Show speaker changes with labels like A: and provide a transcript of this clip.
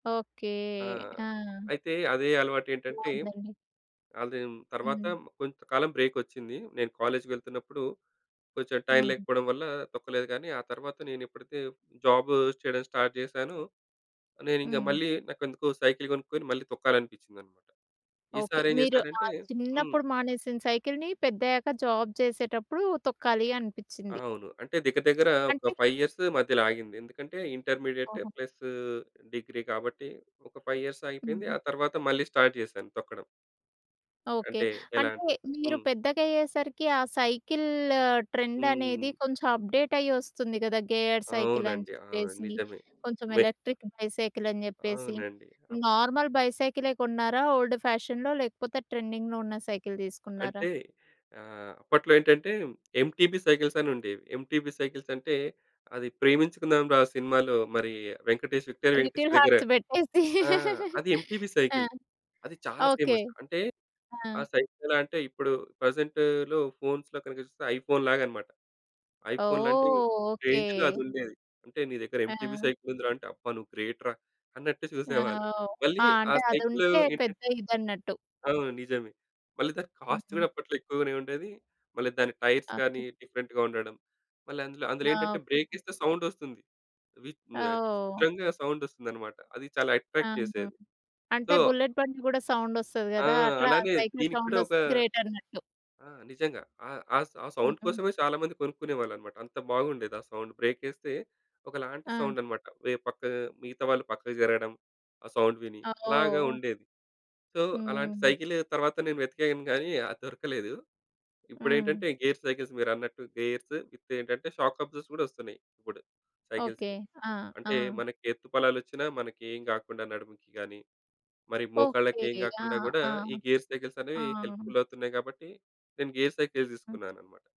A: Okay.
B: ఆ!
A: ఆ!
B: అయితే అదే అలవాటేంటంటే
A: బాగుందండి.
B: అది తర్వాత
A: హ్మ్.
B: కొంత కాలం బ్రేకొచ్చింది. నేను కాలేజ్‌కి వెళ్తున్నప్పుడు కొంచెం టైం
A: హ్మ్.
B: లేకపోవడం వల్ల తొక్కలేదు. గానీ ఆ తరువాత నేనెప్పుడైతే జాబ్ చేయడం స్టార్ట్ చేశాను, నేనింగ
A: హ్మ్.
B: మళ్ళీ నాకెందుకో సైకిల్ గొనుక్కొని మళ్ళీ తొక్కాలనిపించిందన్నమాట.
A: ఓకే.
B: ఈసారేం
A: మీరు ఆ
B: జేశానంటే హ్మ్.
A: చిన్నప్పుడు మానేసిన సైకిల్‌ని పెద్దయ్యాక జాబ్ జేసేటప్పుడు తొక్కాలనిపిచ్చింది.
B: అవును. అంటే దగ్గర దగ్గర ఒక
A: అంటే?
B: 5 ఇయర్స్ మధ్యలాగింది ఎందుకంటే ఇంటర్మీడియేట్
A: ఓహో!
B: ప్లసు డిగ్రీ కాబట్టి ఒక 5 ఇయర్స్ ఆగిపోయింది.
A: హుహు.
B: ఆ తరువాత మళ్ళీ స్టార్ట్ జేశాను తొక్కడం.
A: ఓకే.
B: అంటే ఎలా?
A: అంటే మీరు
B: హ్మ్.
A: పెద్దగాయ్యేసరికి ఆ సైకిల్ ట్రెండనేది
B: హ్మ్.
A: కొంచెం అప్‌డేట్ అయ్యి వస్తుంది గదా! గేయర్
B: అవునండి. ఆ!
A: సైకిలనిజెప్పేసి.
B: నిజమే.
A: కొంచెం
B: మె
A: ఎలక్ట్రిక్ బైసైకిలని జెప్పేసి
B: అవునండి. ఓకే.
A: నార్మల్ బైసైకిలే కొన్నారా? ఓల్డ్ ఫ్యాషన్‌లో లేకపోతే ట్రెండింగ్‌లో ఉన్న సైకిల్ తీసుకున్నారా?
B: అంటే ఆహ్, అప్పట్లో ఏంటంటే ఎంటిపీ సైకిల్స్ అని ఉండేవి. ఎంటిపీ సైకిల్సంటే అది ప్రేమించుకుందాం రా సినిమాలో మరి వెంకటేష్, విక్టరి వెంకటేష్
A: లిటిల్
B: దగ్గర
A: హార్ట్స్ పెట్టేసి.
B: ఆ! అది ఎంటివీ
A: ఆ!
B: సైకిల్ అది చాలా
A: ఓకే.
B: ఫేమస్. అంటే
A: ఆ!
B: ఆ సైకిల్ ఎలా అంటే ఇప్పుడు ప్రజెంట్‌లో ఫోన్స్‌లో కనుక చూస్తే ఐఫోన్‌లాగనమాట. ఐఫోనులాంటి
A: ఓహ్! ఓకే.
B: రేంజ్‌లో అది ఉండేది. అంటే నీ దగ్గర ఎంటివీ
A: ఆ!
B: సైకిల్ ఉందిరా అంటే అబ్బా! నువ్వు గ్రేట్‌రా అన్నట్టు
A: ఆ!
B: చూసేవాళ్ళు.
A: ఓహ్!
B: మళ్ళీ
A: ఆ!
B: ఆ
A: అంటే
B: సైకిల్
A: అదుంటే
B: ఏంటంటే
A: పెద్ద ఇదన్నట్టు.
B: అవును నిజమే. మళ్ళీ దాని కాస్ట్
A: హుహు.
B: కూడా అప్పట్లో ఎక్కువగానే ఉండేది. మళ్ళీ దాని
A: ఓకే.
B: టైర్స్‌గాని డిఫరెంట్‌గా ఉండడం. మళ్ళీ అందులో అందులో
A: ఆ!
B: ఏంటంటే
A: ఓకే.
B: బ్రేకేస్తే సౌండస్తుంది. వి
A: ఆ!
B: ఆహ్,
A: ఓహ్!
B: విచిత్రంగా సౌండస్తుందన్నమాట. అది చాలా అట్రాక్ట్
A: ఆహా!
B: జేసేది.
A: అంటే
B: సో.
A: బుల్లెట్ బండి గూడా సౌండ్ వస్తది
B: ఆ!
A: గదా! అట్లా
B: అలానే
A: సైకిల్
B: దీనిక్కూడా ఒక
A: సౌండస్తే గ్రేటన్నట్టు.
B: ఆ! నిజంగా ఆ ఆ సౌ ఆ సౌండ్
A: హుహు.
B: కోసమే చాలా మంది కొనుక్కునేవాళ్ళన్నమాట. అంత బాగుండేది. ఆ సౌండ్. బ్రేకేస్తే ఒకలాంటి
A: ఆ!
B: సౌండన్నమాట. వే పక్క మిగతావాళ్ళు పక్కకు జరగడం ఆ సౌండ్ విని.
A: ఆ!
B: అలాగా
A: ఓహ్!
B: ఉండేది. సో అలాంటి
A: హ్మ్.
B: సైకిల్ తరువాత నేను వెతికాను గాని అది దొరకలేదు.
A: హ్మ్.
B: ఇప్పుడేంటంటే గేర్ సైకిల్స్ మీరన్నట్టు గేర్స్ విత్ ఏంటంటే షాక్ అబ్జార్బస్ కూడా వస్తున్నాయి. ఇప్పుడు
A: ఓకే.
B: సైకిల్స్‌కి.
A: ఆ! ఆ!
B: అంటే మనకి ఎత్తు పల్లాలు వచ్చిన మనకేం గాకుండా నడుముకి గాని, మరి మోకాళ్ళకేం
A: ఓకే. ఆ!
B: గాకుండా గూడా
A: ఆ!
B: ఈ గేర్
A: ఆ!
B: సైకిల్సనేవి హెల్ప్‌ఫుల్ అవుతున్నాయి కాబట్టి నేను గేర్ సైకిలే
A: హ్మ్.
B: తీసుకున్నానన్నమాట.